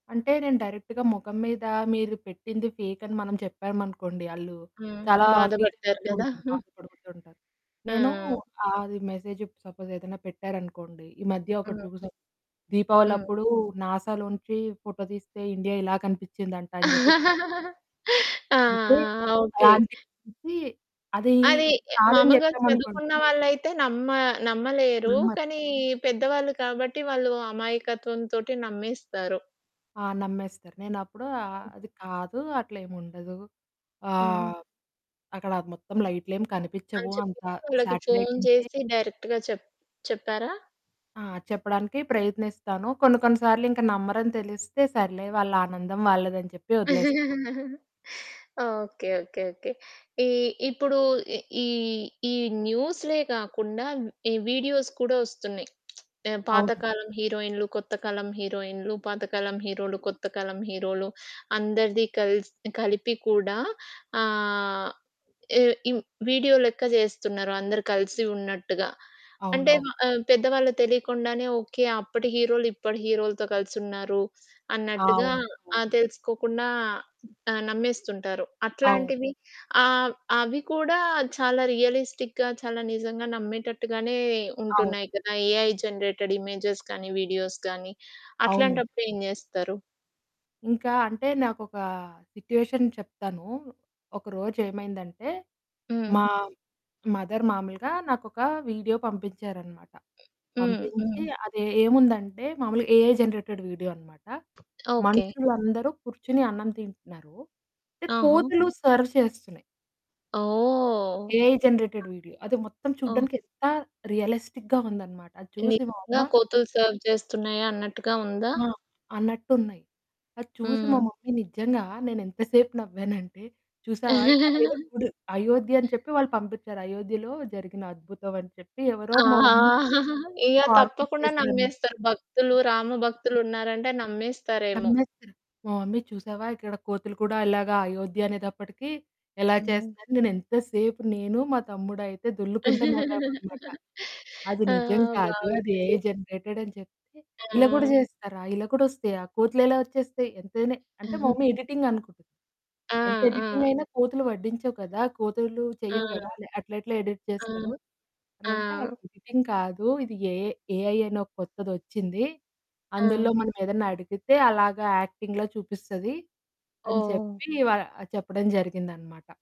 అంటే నేను డైరెక్ట్‌గా మొఖం మీద, మీరు పెట్టింది ఫేక్ అని మనం చెప్పామనుకోండి, ఆళ్ళు హ్మ్. చాలా బాధపడతారు ఫీలైపోతూ కదా! ఉంటారు. బాధపడిపోతూ ఉంటారు. నేను హ్మ్. అది మెసేజు ఇప్పుడు సపోజ్ ఏదైనా పెట్టారనుకోండి, ఈ మధ్య ఒకటి హ్మ్. చూసాం. హ్మ్. దీపావళప్పుడు నాసాలోంచి ఫోటో తీస్తే ఇండియా ఇలా కనిపించిందంట అని చెప్పి [unintelligible] ఆ! ఆ! అంటే ఓకే. అలాంటి గురించి అది అది యహ్! కాదని మామూలుగా చెప్పామనుకోండి. చదువుకున్న వాళ్ళైతే నమ్మ నమ్మలేరు. నమ్మరు. కానీ పెద్దవాళ్ళు కాబట్టి వాళ్ళు అమాయకత్వం తోటి నమ్మేస్తారు. ఆ! నమ్మేస్తారు. నేనప్పుడు అ హ్మ్. అది కాదు అట్లేముండదు. హ్మ్. ఆహ్, అక్కడ మొత్తం లైట్లేమీ అని కనిపిచ్చవు, చెప్పి అంత వాళ్ళకి శాటిలైట్ ఫోను నుంచి చేసి డైరెక్ట్‌గా చెప్ చెప్పారా? ఆ! చెప్పడానికి ప్రయత్నిస్తాను. కొన్ని కొన్ని సార్లు ఇంకా నమ్మరని తెలిస్తే, సర్లే వాళ్ళ ఆనందం వాళ్ళదని చెప్పి ఒదిలేస్తాను. ఓకే. ఓకే. ఓకే. ఈ ఇప్పుడు ఈ ఈ న్యూసులే కాకుండా ఈ వీడియోస్ కూడా వస్తున్నాయి. ఆహ్, అవును. పాతకాలం హీరోయిన్లు, కొత్త కాలం హీరోయిన్లు, పాతకాలం హీరోలు, కొత్త కాలం హీరోలు, అందరిది కల్స్ కలిపి కూడా ఆహ్, ఎ ఇవ్ వీడియో లెక్క జేస్తున్నారు అందరు కలిసి ఉన్నట్టుగా. అంటే అవునవును. ఆహ్, పెద్దవాళ్ళకి తెలియకుండానే ఓకే. అప్పటి హీరోలు ఇప్పటి హీరోలతో కలిసి ఉన్నారు అన్నట్టుగా అవును. ఆహ్, అవును. తెలుసుకోకుండా ఆహ్, నమ్మేస్తుంటారు. అవును. అట్లాంటివి ఆహ్, అవి కూడా చాలా రియలిస్టిక్‌గా చాలా నిజంగా నమ్మేటట్టుగానే అవును. ఉంటున్నాయి కదా! ఏఐ జనరేటెడ్ ఇమేజెస్ కానీ, వీడియోస్ గానీ, అవునండి. అట్లాంటప్పుడేం జేస్తారు? ఇంకా అంటే నాకొక సిట్యుయేషన్ చెప్తాను. ఒకరోజేమైందంటే, హ్మ్. మా మదర్ మామూలుగా నాకొక వీడియో పంపించారనమాట. హ్మ్, పంపించి హ్మ్. అది ఏముందంటే మామూలుగా ఏఐ జెనరేటెడ్ వీడియో అనమాట. ఓకే. మనుషులందరూ కూర్చొని అన్నం తింటున్నారు. అంటే ఓహో! కోతులు సర్వ్ చేస్తున్నాయి. ఓహ్! ఏఐ జనరేటెడ్ వీడియో అది మొత్తం ఓహ్! చూడానికి ఎంత రియలిస్టిక్‌గా ఉందన్నమాట అది చూసి మా నిజంగా అమ్మ కోతులు సెర్వ్ చేస్తున్నాయా అన్నట్టుగా ఉందా? ఆ! అన్నట్టున్నాయి. అది చూసి మా హ్మ్. మమ్మీ నిజంగా నేను ఎంత సేపు నవ్వానంటే, చూసావా అయోధ్య చూడు, అయోధ్య అని చెప్పి వాళ్ళు పంపించారు. అయోధ్యలో జరిగిన అద్భుతం అని చెప్పి ఎవరో ఆ! మా మమ్మీకి ఇక ఫార్‌వర్డ్ తప్పకుండా చేశారనమాట. నమ్మేస్తారు. భక్తులు, రామ భక్తులున్నారంటే నమ్మేస్తారేమో! నమ్మేస్తారు. మా మమ్మీ చూసావా? ఇక్కడ కోతులు కూడా ఇలాగా అయోధ్య అనేటప్పటికి ఎలా హ్మ్. చేస్తున్నాయి, నేను ఎంతసేపు నేను, మా తమ్ముడయితే దొర్లుకుంట నవ్వామనమాట. అది ఆ! నిజం కాదు. అది ఏఐ బావుందండి. జనరేటెడ్ అని చెప్తే, ఇలా కూడా ఆ! చేస్తారా? ఇలా కూడా వస్తాయా? కోతులెలా ఒచ్చేస్తాయి? ఎంతైనా అంటే, మా మమ్మి ఎడిటింగ్ అనుకుటుంది. ఆ! ఎంత ఎడిటింగ్ ఆ! అయినా కోతులు ఒడ్డించవు కదా! కోతులు చెయ్యవు కదా! ఆ! అలా అట్లెట్ల ఎడిట్ ఆ! చేస్తారు? ఆ! అనంటే ఎడిటింగ్ కాదు ఇది ఏఐ ఏఐ అని ఓ కొత్తదొచ్చింది. అందులో ఆ! మనం ఏదన్నా అడిగితే అలాగా యాక్టింగ్‌లో చూపిస్తది అని ఓహ్! చెప్పి వ చెప్పడం జరిగిందనమాట.